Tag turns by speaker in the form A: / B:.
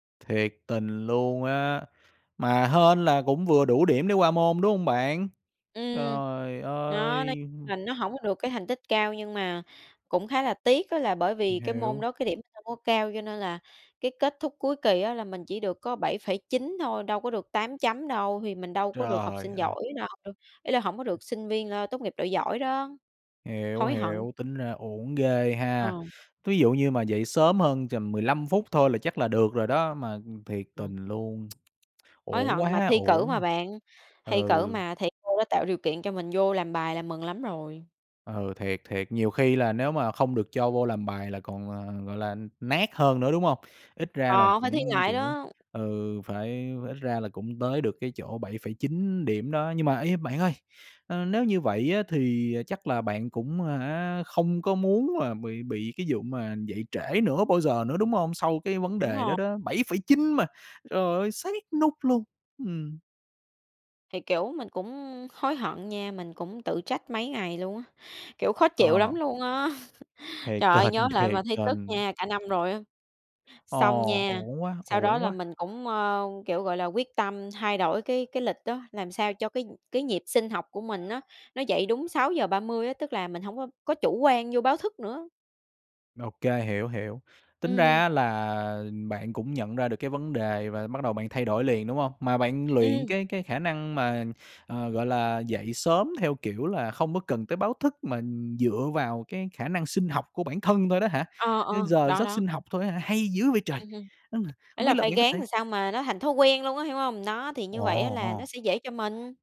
A: Thiệt tình luôn á, mà hên là cũng vừa đủ điểm để qua môn, đúng không bạn?
B: Ừm.
A: Trời
B: Đó, nói
A: ơi!
B: là nó hổng có được cái thành tích cao, nhưng mà cũng khá là tiếc á là bởi
A: Mình
B: vì cái môn
A: hiểu.
B: đó cái điểm không có cao cho nên là cái kết thúc cuối kỳ á là mình chỉ được có 7,9 thôi, đâu có được 8 chấm đâu, thì mình đâu có được học
A: Trời
B: sinh
A: ơi!
B: giỏi đâu. Ý là hổng có được sinh viên, a, tốt nghiệp loại giỏi đó.
A: Hiểu,
B: Hối hận!
A: hiểu, tính ra uổng ghê ha.
B: Ờ.
A: Ví dụ như mà dậy sớm hơn tầm 15 phút thôi là chắc là được rồi đó, mà, ừm, thiệt
B: Ờ.
A: tình luôn,
B: Hối
A: uổng
B: hận mà,
A: quá
B: thi cử mà
A: uổng
B: bạn,
A: à.
B: thi
A: Ừ.
B: cử mà thầy cô đã tạo điều kiện cho mình vô làm bài là mừng lắm rồi.
A: Ừ, thiệt, thiệt, nhiều khi là nếu mà không được cho vô làm bài là còn, à, gọi là, n nát hơn nữa, đúng hông? Ít ra là
B: Ờ, phải thi
A: cũng,
B: lại
A: kiểu
B: đó.
A: ừ, phải ph ít ra là cũng tới được cái chỗ 7,9 điểm đó. Nhưng mà, ê, bạn ơi, ơ, nếu như vậy á thì chắc là bạn cũng à hả, không có muốn là bị bị cái vụ mà dậy trễ nữa bao giờ nữa, đúng hông? Sau cái vấn
B: Đúng
A: đề đó
B: rồ
A: đó, 7,9 mà, trời ơi, sát nút luôn, ừm.
B: Thì, kiểu, mình cũng hối hận nha, mình cũng tự trách mấy ngày luôn á, kiểu, khó chịu
A: Ờ.
B: lắm luôn á.
A: Thiệt
B: Trời ơi, nhớ
A: tình,
B: lại mà
A: thiệt
B: thấy tức
A: tình.
B: nha, cả năm rồi á. Xong
A: Ồ,
B: nha,
A: uổng quá,
B: sau đó
A: uổng
B: là
A: quá!
B: mình cũng, ơ, kiểu, gọi là, quyết tâm thay đổi cái cái lịch á, làm sao cho cái nh cái nhịp sinh học của mình á, nó dậy đúng 6:30 á, tức là mình hông có có chủ quan vô báo thức nữa.
A: Ô kê, hiểu, hiểu. Tính ra
B: Ừm.
A: á là bạn cũng nhận ra được cái vấn đề, và bắt đầu bạn thay đổi liền, đúng hông? Mà bạn luyện
B: Ừm.
A: cái cái khả năng mà, ờ, gọi là, dậy sớm theo kiểu là không có cần tới báo thức mà dựa vào cái khả năng sinh học của bản thân thôi đó hả?
B: Ờ, ờ,
A: Ơ, giờ
B: đó,
A: giấc
B: đó.
A: sinh học thôi á hả? Hay dữ vậy trời!
B: Ừm hưm,
A: Ư,
B: ý
A: không biết
B: là
A: là
B: phải
A: bạn có
B: ráng
A: thể
B: làm sao mà nó thành thói quen luôn á, hiểu hông? Đó, thì
A: Ồ,
B: như vậy á là nó
A: ồ.
B: sẽ dễ cho mình.